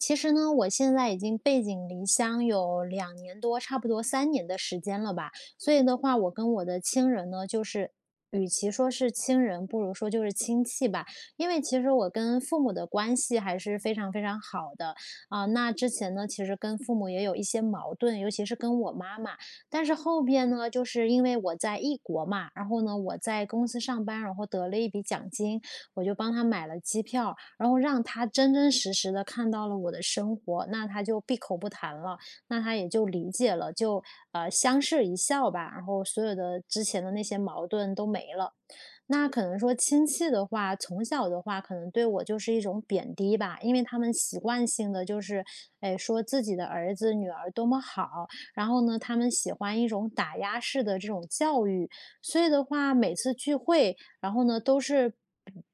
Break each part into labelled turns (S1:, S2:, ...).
S1: 其实呢，我现在已经背井离乡有2年多，差不多3年的时间了吧。所以的话，我跟我的亲人呢，就是与其说是亲人，不如说就是亲戚吧。因为其实我跟父母的关系还是非常非常好的。啊，那之前呢，其实跟父母也有一些矛盾，尤其是跟我妈妈，但是后边呢，就是因为我在异国嘛，然后呢，我在公司上班，然后得了一笔奖金，我就帮她买了机票，然后让她真真实实地看到了我的生活，那她就闭口不谈了，那她也就理解了。就，呃，相视一笑吧，然后所有的之前的那些矛盾都没了。那可能说亲戚的话，从小的话可能对我就是一种贬低吧，因为他们习惯性地就是，诶，说自己的儿子、女儿多么好，然后呢，他们喜欢一种打压式的这种教育。所以的话，每次聚会，然后呢，都是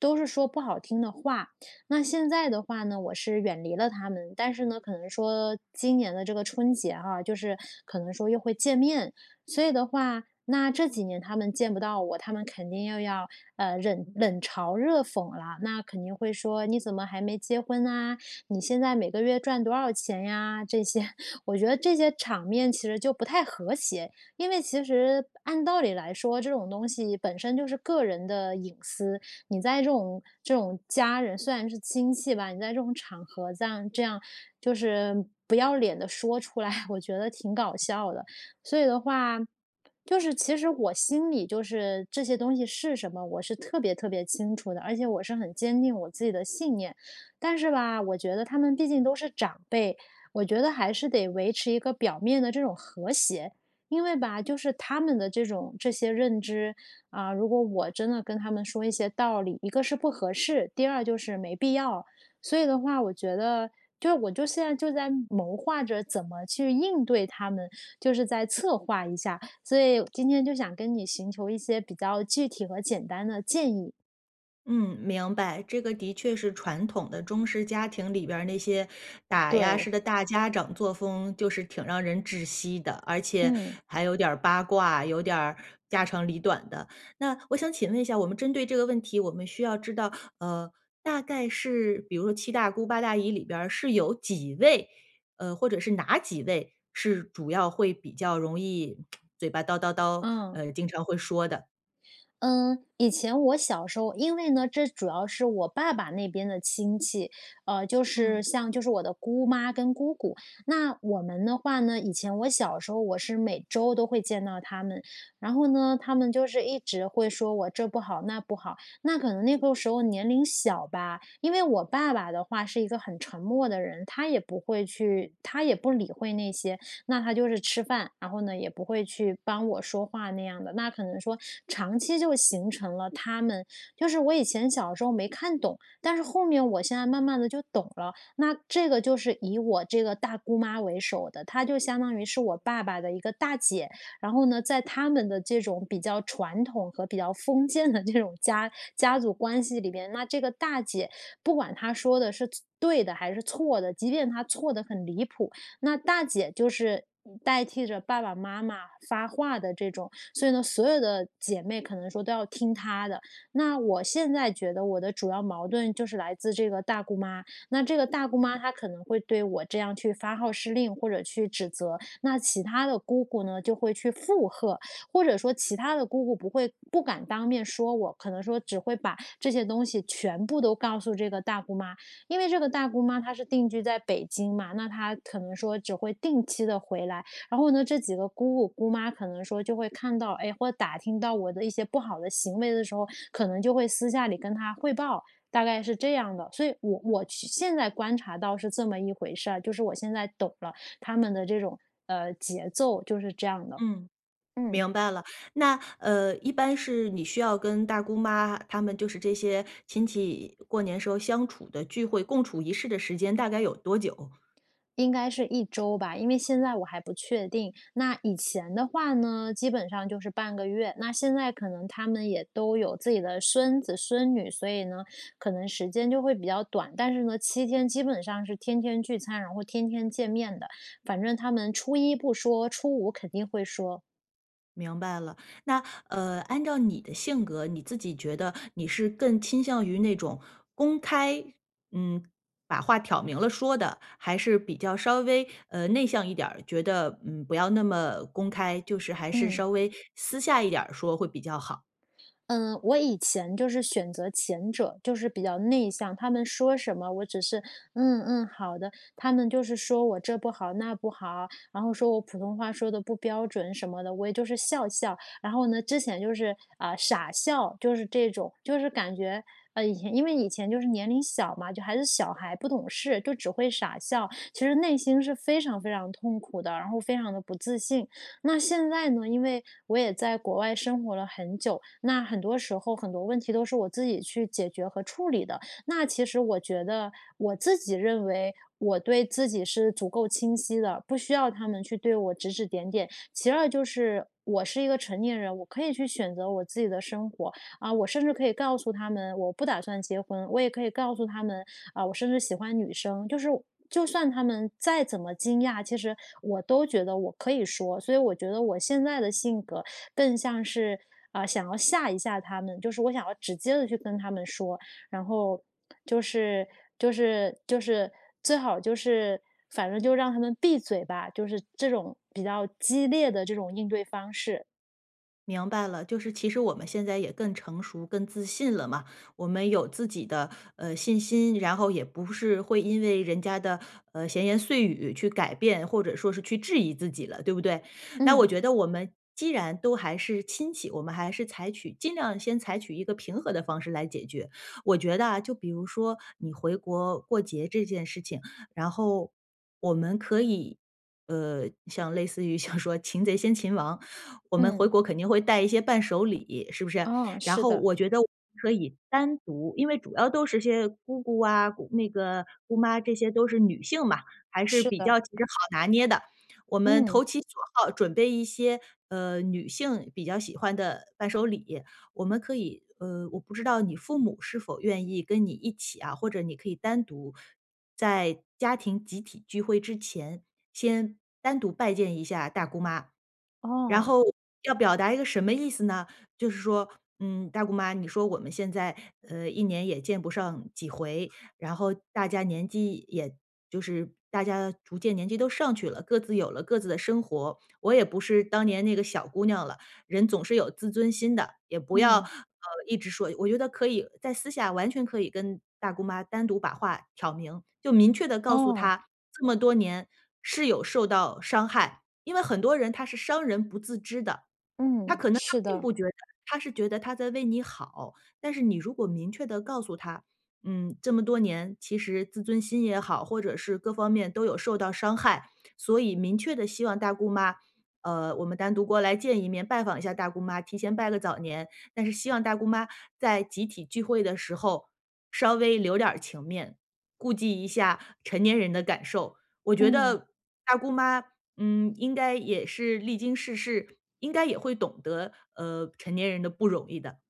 S1: 都是说不好听的话。那现在的话呢，我是远离了他们，但是呢，可能说今年的这个春节哈，就是可能说又会见面，所以的话，那这几年他们见不到我，他们肯定又要，呃，忍冷嘲热讽了，那肯定会说“你怎么还没结婚呢？你现在每个月赚多少钱呀？”这些，我觉得这些场面其实就不太和谐，因为其实按道理来说，这种东西本身就是个人的隐私，你在这种这种家人虽然是亲戚吧，你在这种场合这样这样就是不要脸地说出来，我觉得挺搞笑的。所以的话，就是其实我心里就是这些东西是什么，我是特别特别清楚的，而且我是很坚定我自己的信念。但是吧，我觉得他们毕竟都是长辈，我觉得还是得维持一个表面的这种和谐。因为吧，就是他们的这种这些认知，啊，如果我真的跟他们说一些道理，一个是不合适，第二就是没必要。所以的话我觉得，就我就现在就在谋划着怎么去应对他们，就是再策划一下，所以今天就想跟你寻求一些比较具体和简单的建议。
S2: 嗯，明白。这个的确是传统的中式家庭里边儿那些打压
S1: 对。
S2: 式的大家长作风就是挺让人窒息的，而且
S1: 嗯。
S2: 还有点儿八卦，有点儿家长里短的。那我想请问一下，我们针对这个问题，我们需要知道，呃，大概是比如说七大姑八大姨里边儿是有几位，呃，或者是哪几位是主要会比较容易嘴巴叨叨叨，
S1: 嗯。
S2: 呃，经常会说的？
S1: 嗯，以前我小时候因为呢，这主要是我爸爸那边的亲戚，呃，就是
S2: 嗯。
S1: 像就是我的姑妈跟姑姑，那我们的话呢，以前我小时候我是每周都会见到她们，然后呢她们就是一直会说我这不好那不好，那可能那个时候年龄小吧，因为我爸爸的话是一个很沉默的人，他也不会去他也不理会那些那他就是吃饭，然后呢，也不会去帮我说话那样的。那可能说长期就形成了她们就是我以前小时候没看懂，但是后面我现在慢慢地就懂了。那这个就是以我这个大姑妈为首的，她就相当于是我爸爸的一个大姐，然后呢，在她们的这种比较传统和比较封建的这种家家族关系里边，那这个大姐不管她说的是错对的，还是错的，即便她错得很离谱，那大姐就是代替着爸爸妈妈发话的这种，所以呢，所有的姐妹可能说都要听她的。那我现在觉得我的主要矛盾就是来自这个大姑妈，那这个大姑妈她可能会对我这样去发号施令或者去指责，那其他的姑姑呢就会去附和，或者说其他的姑姑不会不敢当面说我，可能说只会把这些东西全部都告诉这个大姑妈。因为这个大姑妈她是定居在北京嘛，那她可能说只会定期地回来，然后呢，这几个姑姑、姑妈可能说就会看到，哎，或打听到我的一些不好的行为的时候，可能就会私下里跟她汇报。大概是这样的，所以我我现现在观察到是这么一回事儿，就是我现在懂了她们的这种，呃，节奏就是这样的，
S2: 嗯，
S1: 嗯。
S2: 明白了。那，呃，一般是你需要跟大姑妈她们就是这些亲戚过年时候相处的聚会，共处一室的时间大概有多久？
S1: 应该是1周吧，因为现在我还不确定。那以前的话呢，基本上就是半个月，那现在可能她们也都有自己的孙子孙女，所以呢，可能时间就会比较短，但是呢，7天基本上是天天聚餐，然后天天见面的。反正他们初一不说，初五肯定会说。
S2: 明白了，那呃，按照你的性格，你自己觉得，你是更倾向于那种，公开嗯，把话挑明了说的？还是比较稍微，呃，内向一点儿，觉得，嗯，不要那么公开，就是还是
S1: 嗯。
S2: 稍微，私下一点儿说会比较好？
S1: 嗯，我以前就是选择前者，就是比较内向。他们说什么，我只是：“嗯嗯，好的。”他们就是说我：“这不好、那不好，”然后说我：“普通话说得不标准什么的，”我也就是笑笑。然后呢，之前就是呃，傻笑就是这种，就是感觉，呃，以前因为以前就是年龄小嘛，就还是小孩不懂事，就只会傻笑，其实内心是非常非常痛苦的，然后非常得不自信。那现在呢，因为我也在国外生活了很久，那很多时候、很多问题都是我自己去解决和处理的，那其实我觉得，我自己认为，我对自己是足够清晰的，不需要他们去对我指指点点。其2就是，我是一个成年人，我可以去选择我自己的生活，啊，我甚至可以告诉他们，我不打算结婚，我也可以告诉他们，啊，我甚至喜欢女生。就是就算他们再怎么惊讶，其实我都觉得我可以说。所以我觉得，我现在的性格更像是，啊，想要吓一下他们，就是我想要直接地去跟他们说，然后就是就是就是最好就是反正就让他们闭嘴吧，就是这种，比较激烈的这种应对方式。
S2: 明白了，就是其实我们现在也更成熟、更自信了嘛，我们有自己的，呃，信心，然后也不是会因为人家的，呃，闲言碎语去改变，或者说是去质疑自己了，对不对？那我
S1: 嗯。
S2: 觉得我们，既然都还是亲戚，我们还是采取尽量先采取一个平和的方式来解决。我觉得啊，就比如说你回国过节这件事情，然后我们可以，呃，像类似于像说擒贼先擒王，我们回
S1: 嗯。
S2: 国肯定会带一些伴手礼，是不是？
S1: 哦，
S2: 然
S1: 是
S2: 后
S1: 的。
S2: 我觉得可以单独因为主要都是些姑姑啊，姑那个姑妈这些都是女性嘛，还是
S1: 是
S2: 比
S1: 的。
S2: 较其实好拿捏的。我们
S1: 嗯。
S2: 投其所好准备一些，呃，女性比较喜欢的伴手礼，我们可以呃，我不知道你父母是否愿意跟你一起啊？或者你可以单独，在家庭集体聚会之前，先单独拜见一下大姑妈。然
S1: 哦。
S2: 后要表达一个什么意思呢，就是说，嗯，大姑妈，你说我们现在，呃，一年也见不上几回，然后大家年纪也就是大家逐渐年纪都上去了，各自有了各自的生活，我也不是当年那个小姑娘了，人总是有自尊心的。也不要，呃，
S1: 嗯。
S2: 一直说我觉得可以在私下完全可以跟大姑妈单独把话挑明，就明确地告诉
S1: 哦。
S2: 她，这么多年，是有受到伤害。因为很多人她是伤人不自知的，她
S1: 嗯，
S2: 可能她
S1: 是
S2: 并
S1: 的。
S2: 不觉得，她是觉得她在为你好，但是你如果明确地告诉她，嗯，这么多年，其实自尊心也好，或者是各方面都有受到伤害，所以明确地希望大姑妈，呃，我们单独过来见一面，拜访一下大姑妈，提前拜个早年，但是希望大姑妈，在集体聚会的时候稍微留点儿情面，顾忌一下成年人的感受。我觉
S1: 嗯。
S2: 得，大姑妈，嗯，应该也是历经世事，应该也会懂得，呃，成年人的不容易的。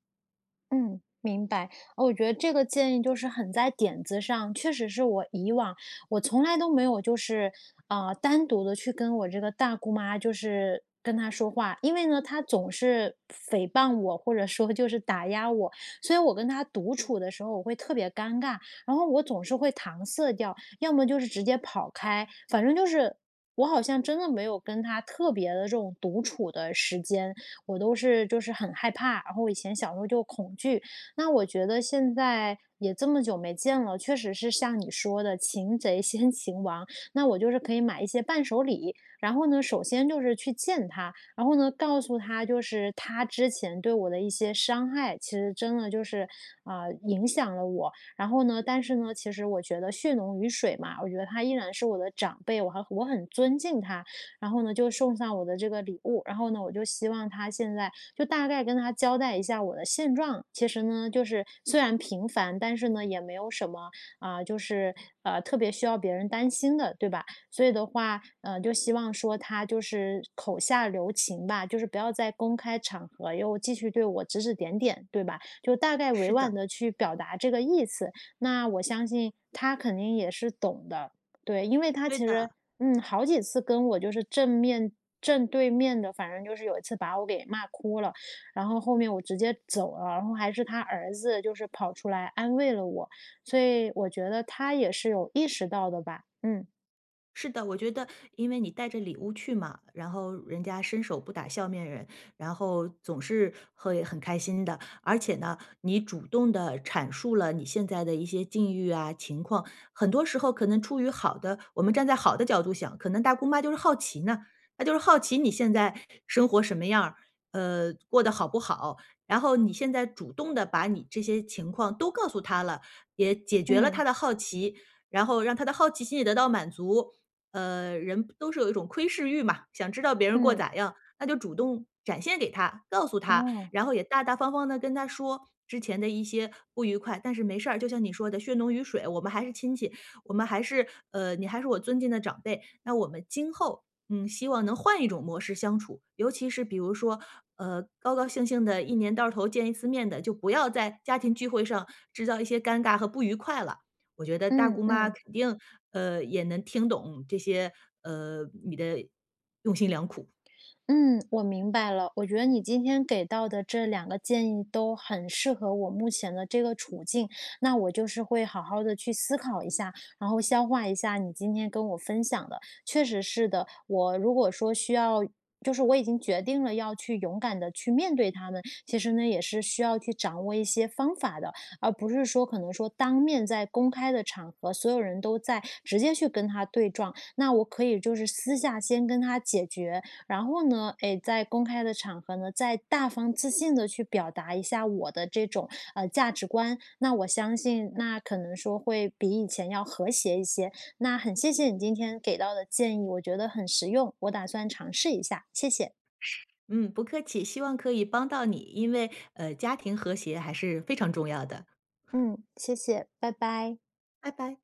S1: 嗯，明白。我觉得这个建议就是很在点子上，确实是我以往我从来都没有就是，呃，单独地去跟我这个大姑妈就是跟她说话。因为呢，她总是诽谤我，或者说就是打压我，所以我跟她独处的时候，我会特别尴尬。然后我总是会搪塞掉，要么就是直接跑开，反正就是，我好像真的没有跟她特别的这种独处的时间。我都是就是很害怕，然后以前小时候就恐惧，那我觉得现在也这么久没见了，确实是像你说的擒贼先擒王，那我就是可以买一些伴手礼，然后呢，首先就是去见她，然后呢，告诉她就是她之前对我的一些伤害其实真的就是，啊，影响了我，然后呢，但是呢其实我觉得血浓于水嘛，我觉得她依然是我的长辈，我很我很尊敬她，然后呢，就送上我的这个礼物。然后呢我就希望她现在，就大概跟她交代一下我的现状，其实呢就是虽然平凡，但是呢也没有什么，啊，就是，呃，特别需要别人担心的对吧？所以的话，呃，就希望说她就是口下留情吧，就是不要在公开场合又继续对我指指点点，对吧？就大概委
S2: 是的。
S1: 婉地去表达这个意思，那，我相信她肯定也是懂的。对，因为她其
S2: 对的。
S1: 实，嗯，好几次跟我就是正面正对面地反正就是有一次把我给骂哭了，然后后面我直接走了，然后还是她儿子就是跑出来安慰了我，所以，我觉得她也是有意识到的吧，嗯。
S2: 是的，我觉得因为你带着礼物去嘛，然后人家伸手不打笑面人，然后总是会很开心的。而且呢，你主动地阐述了你现在的一些境遇啊情况，很多时候可能处于好的我们站在好的角度想，可能大姑妈就是好奇呢，那就是好奇你现在生活什么样儿。呃，过得好不好。然后你现在主动地把你这些情况都告诉她了，也解决了
S1: 嗯。
S2: 她的好奇。然后让她的好奇心也得到满足。呃，人都是有一种窥视欲嘛！想知道别人过得
S1: 嗯。
S2: 咋样？那就主动展现给她、告诉她。
S1: 哦。
S2: 然后也大大方方地跟她说之前的一些不愉快，但是没事儿，就像你说的，血浓于水，我们还是亲戚，我们还是呃，你还是我尊敬的长辈。那我们今后，嗯，希望能换一种模式相处，尤其是比如人说，呃，高高兴兴地一年到头见一次面得，就不要在家庭聚会上制一些尴尬和不愉快了。我觉得大
S1: 嗯
S2: 姑妈
S1: 嗯。
S2: 肯定，呃，也能听懂你这些，呃，你的用心良苦。
S1: 嗯，我明白了，我觉得你今天给到的这2个建议都很适合我目前的这个处境。那我就是会好好的去思考一下，然后消化一下你今天跟我分享的。确实是的，我如果说我需要就是说我已经决定了要去勇敢地去面对他们，其实呢，也是需要去掌握一些方法的，而不是说可能说当面在公开的场合，所有人都在直接去跟她对撞。那我可以就是私下先跟她沟通解决，然后呢，诶，再在公开场合呢，再大方自信地去表达一下我的这种，呃，价值观，那我相信那可能说会比以前要和谐一些。那很谢谢你今天给到的建议，我觉得很实用，我打算尝试一下，谢谢。
S2: 嗯，不客气，希望可以帮到你，因为，呃，家庭和谐还是非常重要的。
S1: 嗯，谢谢，拜拜。
S2: 拜拜。